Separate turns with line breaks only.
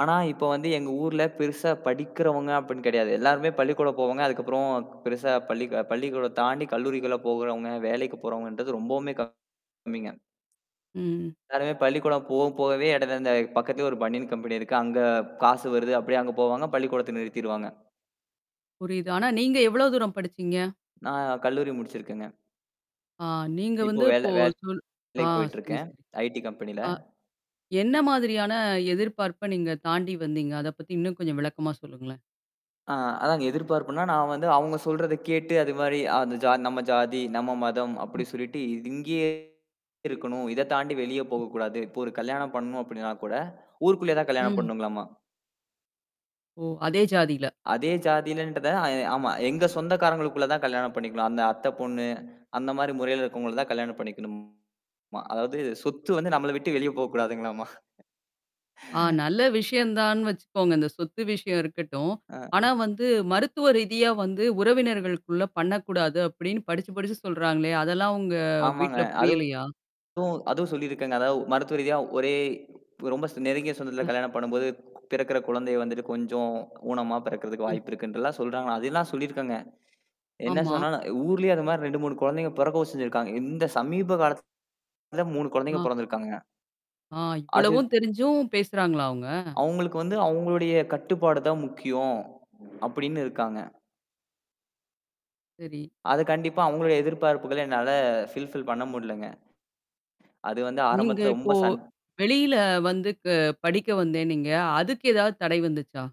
ஆனா, இப்ப வந்து எங்க ஊர்ல பெருசா படிக்கிறவங்க அப்டின்னு கெடையாது. எல்லாருமே பள்ளிக்கூட போவாங்க. அதுக்கப்பறம் பெருசா பள்ளி பள்ளிக்கூட தாண்டி கல்லூரிகள்ல போகுறவங்க, வேலைக்கு போறவங்கன்றது ரொம்பவுமே கம்மிங்க.
ம்.
எல்லாருமே பள்ளிக்கூடம் போ போகவே, இட அந்த பக்கத்திலயே, ஒரு பனியேன் கம்பெனி இருக்கு. அங்க காசு வருது அப்படியியே அங்க போவாங்க. பள்ளிக்கூடத்த நிறுத்திருவாங்க.
புரியுது. ஆனா, நீங்க எவ்வளோ தூரம் படிச்சீங்க?
நான் கல்லூரி முடிச்சிருக்கேங்க.
ஆ, நீங்க
இப்போ
வந்து இப்போ
வேல
சொல் ஆ,
வேலைக்கு
செரி,
போயிட்டுயிருக்கேன்.
செரி.
IT கம்பெனில.
ஆ, என்ன மாதிரியான எதிர்பார்ப்ப, நீங்க தாண்டி வந்தீங்க? அத பத்தி இன்னும் கொஞ்சம் விளக்கமா சொல்லுங்களேன்?
ஆ, அதாங்க எதிர்பார்ப்புனா, நான் வந்து அவங்க சொல்றத கேட்டு, அது மாரி அந்த ஜா நம்ம ஜாதி, நம்ம மதம்
ம்.
அப்படி சொல்லிட்டு இது இங்கேயே இருக்கணும். இத தாண்டி வெளிய போகக்கூடாது. இப்போ ஒரு கல்யாணம் பண்ணணும் அப்படின்னா கூட, ஊருக்குள்ளயே தான் கல்யாணம்
ம்.
பண்ணணுங்களம்மா.
ஓ! அதே ஜாதில.
அதே ஜாதிலன்றத ஆ ஆமா எங்க சொந்தக்காரங்களுக்குள்ள தான் கல்யாணம் பண்ணிக்கணும். அந்த அத்தைப் பொண்ணு, அந்த மாரி முறையில இருக்கவங்கள தான் கல்யாணம் பண்ணிக்கணுமா! அதாவது சொத்து வந்து நம்மள விட்டு வெளிய போக்கூடாதுங்களாமா.
ஆ, நல்ல விஷயம் தான்னு வெச்சுக்கோங்க. இந்த சொத்து விஷயம் இருக்கட்டும்.
ஆ.
ஆனா, வந்து மருத்துவ ரீதியா வந்து உறவினர்களுக்குள்ள பண்ணக்கூடாது அப்படின்னு படிச்சு, படிச்சு சொல்றாங்களோ, அதெல்லாம் உங்க
ஆமாங்க.
வீட்ல புரியலையா?
அதுவும் அதுவும் சொல்லியிருக்காங்க. அதாவது, மருத்துவ ரீதியா ஒரே இப்ப ரொம்ப சொ நெருங்கிய சொந்தத்தில
ஆ.
கல்யாணம் பண்ணும்போது பிறக்குற குழந்தைய வந்துட்டு கொஞ்சம் ஊனமா பிறக்கறதுக்கு
ம்.
வாய்ப்பு இருக்குன்றெல்லாம் சொல்றாங்கா. அதெல்லாம் சொல்லியிருக்கங்க. என்ன
ஆமா.
சொன்னாலும், ஊர்லேயே அந்த மாரி 2, 3 குழந்தைங்க போறக்கவும் செஞ்சிருக்காங்க. இந்த சமீப காலத்துல 3 குழந்தைங்க
ஆ.
போறந்துயிருக்காங்க.
ஆ,
அது
இவ்வளவும் தெரிஞ்சும் பேசுறாங்களா, அவங்க?
அவங்களுக்கு வந்து, அவங்களுடைய கட்டுப்பாடு தான் முக்கியோம். அப்படின்னு இருக்காங்க.
சரி.
அது கண்டிப்பா அவங்களும் எதிர்பார்ப்புகள என்னால ஃபில்ஃபில் பண்ண முடியலங்க. அது வந்து
நீங்க
ஆரம்பத்தில
இப்போ,
ரொம்ப சண்
வெளியில வந்து க படிக்க வந்தேன்னீங்க. அதுக்கு ஏதாவது தடை வந்துச்சா?